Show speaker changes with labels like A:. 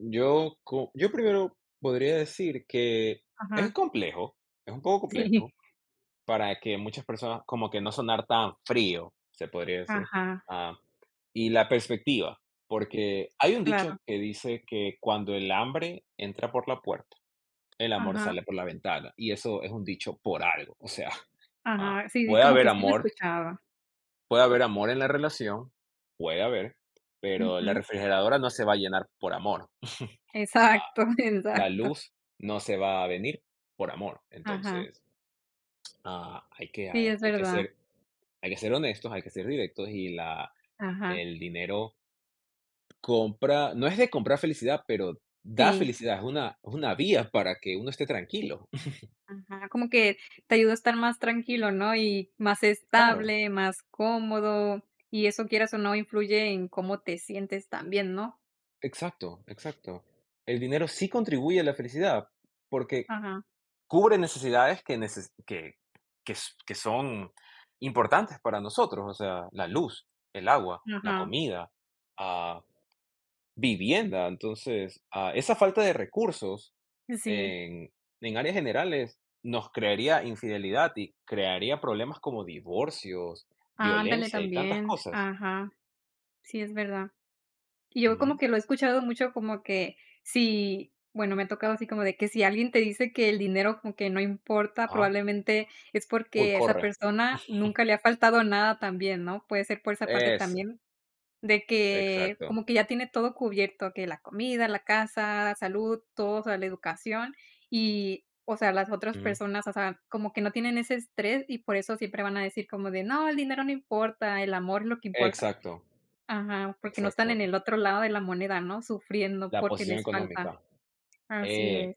A: Yo co yo primero podría decir que es
B: Ajá.
A: complejo, es un poco
B: Sí.
A: complejo para que muchas personas, como que no sonar tan frío, se podría decir,
B: Ajá.
A: am, y la perspectiva, porque hay un
B: Claro.
A: dicho que dice que: "Cuando el hambre entra por la puerta, el amor
B: Ajá.
A: sale por la ventana", y eso es un dicho por algo. O sea, ah,
B: Ajá, sí, di
A: puede
B: como
A: haber
B: que sí la
A: amor
B: escuchaba.
A: puede haber amor en la relación, puede haber, pero la
B: Ujú.
A: refrigeradora no se va a llenar por amor, ah,
B: Exacto,
A: la
B: exacto.
A: luz no se va a venir por amor,
B: Ajá.
A: entonces Ah, hay que
B: Sí, es
A: hay que
B: verdad.
A: ser hay que ser honestos, hay que ser directos, y la
B: Ajá.
A: el dinero compra no es de comprar felicidad, pero da
B: Sí.
A: felicidad, es una es una vía para que uno esté tranquilo.
B: Ajá, como que te ayuda a estar más tranquilo, ¿no? Y más
A: Claro.
B: estable, más cómodo y eso quieras o no influye en cómo te sientes también, ¿no?
A: Exacto, exacto. El dinero sí contribuye a la felicidad, porque
B: Ajá.
A: cubre necesidades que nece que que que son importantes para nosotros, o sea, la luz, el agua, la
B: Ajá.
A: comida, ah, vivienda. Entonces, ah, esa falta de recursos
B: Sí.
A: en en áreas generales nos crearía infidelidad y crearía problemas como divorcios,
B: Ándale
A: violencia y tantas
B: también.
A: cosas.
B: Ajá. Sí es verdad. Y yo como
A: Ujú.
B: que lo he escuchado mucho, como que si, bueno, me ha tocado así como de que si alguien te dice que el dinero como que no importa,
A: Ah.
B: probablemente es
A: Uy,
B: porque esa
A: corre.
B: persona nunca le ha faltado nada también, ¿no? Puede ser por esa parte
A: Eso.
B: también, de que
A: Exacto.
B: como que ya tiene todo cubierto, que la comida, la casa, salud, todo, o sea, la educación y, o sea, las otras
A: Ujú.
B: personas, o sea, como que no tienen ese estrés y por eso siempre van a decir como de: "No, el dinero no importa, el amor es lo que importa".
A: Exacto.
B: Ajá, porque no están
A: Exacto.
B: en el otro lado de la moneda, ¿no? Sufriendo
A: La
B: porque
A: posición
B: les falta.
A: económica.
B: Así es.
A: Eh.